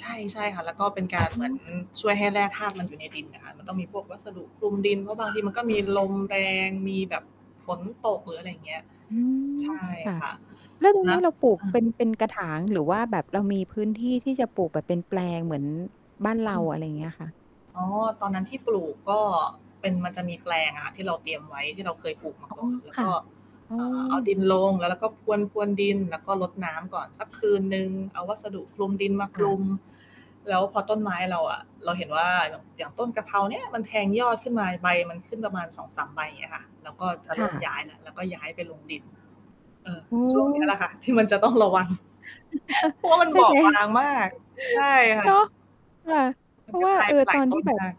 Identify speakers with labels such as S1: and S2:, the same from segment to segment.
S1: ใช่ ใช่ค่ะ แล้วก็เป็นก
S2: อ๋
S1: า
S2: อ
S1: ร เหมือน
S2: ค่ะ
S1: ช่วยให้แร่ธาตุมันอยู่ในดินอะค่ะ มันต้องมีพวกวัสดุคลุมดิน เพราะบางทีมันก็ มีลมแรง มีแบบฝนตก หรืออะไรอย่างเงี้ย
S2: อื
S1: ใช
S2: ม
S1: ่
S2: ค่ะ
S1: ค่ะ
S2: แล้วตรง
S1: เน
S2: น
S1: า
S2: ี้
S1: ะ
S2: เราปลู
S1: เ
S2: ก
S1: ออ
S2: เป็น เป็นกระถาง หรือว่าแบบเรามีพื้นที่ที่จะปลูกแบบเป็นแปลงเหมือนบ้านเร
S1: อ
S2: า
S1: ืม
S2: อะไรอย่างเงี้ยค่ะ?
S1: อ๋อ ตอนนั้นที่ปลูกก็เป็น มันจะมีแปลงอะที่เราเตรียมไว้ ที่เราเคยปลูกมา
S2: อ๋อ
S1: ก่อน แล้
S2: ค
S1: ว
S2: ่
S1: ก
S2: ะ
S1: ็
S2: อื
S1: อ่า เอาด
S2: ม
S1: ินลง แล้วเราก็พรวน ๆ ดิน แล้วก็รดน้ำก่อนสักคืนหนึ่ง เอาวัสดุคลุมดินมาค
S2: ค่
S1: ล
S2: ะ
S1: ุม แล้วพอต้นไม้เราอะ เราเห็นว่า ย อย่างต้นกะเพราเนี้ยมันแทงยอดขึ้นมา ใบมันขึ้นประมาณ 2-3 ใบ อย่างเงี้ยค่ะ เราก็จะเ
S2: ค
S1: ริ
S2: ่
S1: ่ม
S2: ะ
S1: ย้ายแล้ว เราก็ย้ายไปลงดิน เออ
S2: อื
S1: ช่วงเนี้ยแห
S2: ม
S1: ละค่ะที่มันจะต้อง ระวัง เพราะว่ามัน
S2: ใช่
S1: บอ
S2: ไห
S1: บ
S2: ม
S1: บางมาก ใช่ค่
S2: เน
S1: ะ
S2: าะ ค่ะ
S1: ม
S2: เ
S1: ั
S2: พร
S1: น
S2: า
S1: ก
S2: ะ
S1: ็
S2: ว่า
S1: ตาย
S2: เออ
S1: ไปหล
S2: ต
S1: า
S2: อ
S1: ย
S2: น
S1: ต
S2: ที
S1: ้
S2: ่
S1: น
S2: แบ
S1: ม
S2: บ
S1: าก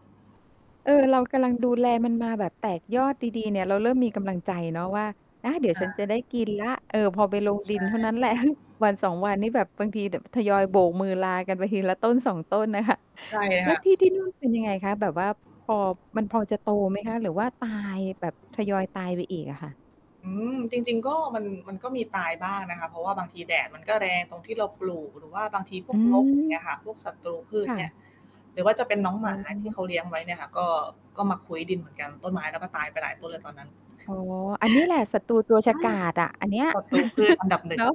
S2: เออ เรากำลังดูแลมันมาแบบแตกยอดดี ๆ เนี่ย เราเริ่มมีกำลังใจเนาะว่า อา เดี๋ยว
S1: ค่
S2: ฉันจ
S1: ะ
S2: ะได้กินแล้ว เออ พอไปลง
S1: ใ
S2: ด
S1: ช
S2: ินเท่า
S1: ่
S2: นั้นแหละ 1-2 วันนี่แบบบางทีเดี๋ยวแบบทยอยโบกมือลากันไปทีละต้น 2 ต้นน่ะค่ะ
S1: ใช่
S2: แ
S1: ค
S2: ล้
S1: ่
S2: ว
S1: ะ
S2: ที่ ที่นู่น เป็นยังไงคะ แบบว่าพอ มันพอจะโตไหมคะ หรือว่าตายแบบทยอยตายไปอีกอะค่ะ?
S1: อืม จริง ๆ ก็มัน มันก็มีตายบ้างนะคะ เพราะว่าบางทีแดดมันก็แรงตรงที่เราปลูก หรือว่าบางทีพ
S2: อื
S1: วกรก อย่างเ
S2: ม
S1: งี้ยค่ะ พวกศัตรูพื
S2: ค
S1: ช
S2: ่
S1: เนี่ย
S2: ะ
S1: หรือว่าจะเป็นน้องหม
S2: อ๋
S1: าที่
S2: อ
S1: เขาเลี้ยงไว้ เนี่ยค่ะ ก็ ก็มาคุ้ยดินเหมือนกัน ต้นไม้ เราก็ตายไปหลายต้นเลยตอนนั้น
S2: อ๋อ อันนี้แหละศัตรูตัว
S1: ใช
S2: ฉ
S1: ่
S2: กาจอะ อันเนี้ย
S1: ศัตรูพืชอันดับ หนึ
S2: เ
S1: ่
S2: นา
S1: ง
S2: ะ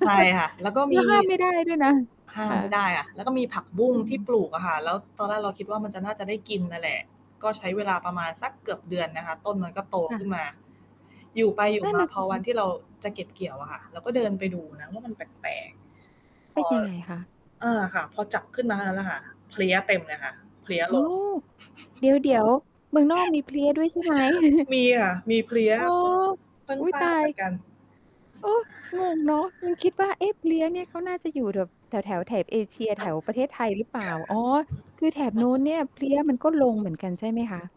S1: ใช่ค่ะ แล้วก็
S2: แล
S1: ม
S2: ้
S1: ี
S2: วห้ามไม่ได้ด้วยนะ
S1: ข้า
S2: ค
S1: ม
S2: ่ะ
S1: ไม่ได้อะ แล้วก็มีผักบุ้ง
S2: อื
S1: ที่
S2: ม
S1: ปลูกอะค่ะ แล้วตอนแรกเราคิดว่ามันจะ น่าจะได้กินนั่นแหละ ก็ใช้เวลาประมาณสักเกือบเดือนนะคะ ต้นมันก็โต
S2: ค่
S1: ขึ้
S2: ะ
S1: นมา อยู่ไปอยู
S2: น
S1: ่
S2: ั่น
S1: มา
S2: น่ะ
S1: พ
S2: ส
S1: อ
S2: ิ
S1: ว
S2: ค
S1: ั
S2: ะ
S1: นที่เราจะเก็บเกี่ยวอะค่ะ เราก็เดินไปดูนะว่ามันแปลก ๆ พ
S2: เป
S1: อ
S2: ็นยังไงคะ?
S1: เออ ค่ะ พอจับขึ้นมาเท่านั้นล่ะค่ะ เพลี้ยเต็มเลยค่ะ เพลี้ย
S2: อ้
S1: ล
S2: า
S1: ง
S2: ว เดี๋ยว ๆ เมืองนอกมีเพลี้ยด้วยใช่ไหม?
S1: มีค่ะ มีเพลี้ย
S2: อ๋อ
S1: เพิ่ง เพิ่
S2: อ
S1: ง
S2: ุ๊ย
S1: ทรา
S2: ตา
S1: บเหมือน
S2: ย!
S1: กัน
S2: เออ! งงเนาะ ยังคิดว่า เอ๊ะ เพลี้ยเนี่ย เขาน่าจะอยู่แบบแถว ๆ แถบเอเชีย แถวประเทศไทยหรือเปล
S1: ค
S2: ่า
S1: ่
S2: อ๋อ คือแถบ
S1: ะ
S2: นู้นเนี่ยเพลี้ยมันก็ลงเหมือนกันใช่ไหมคะ?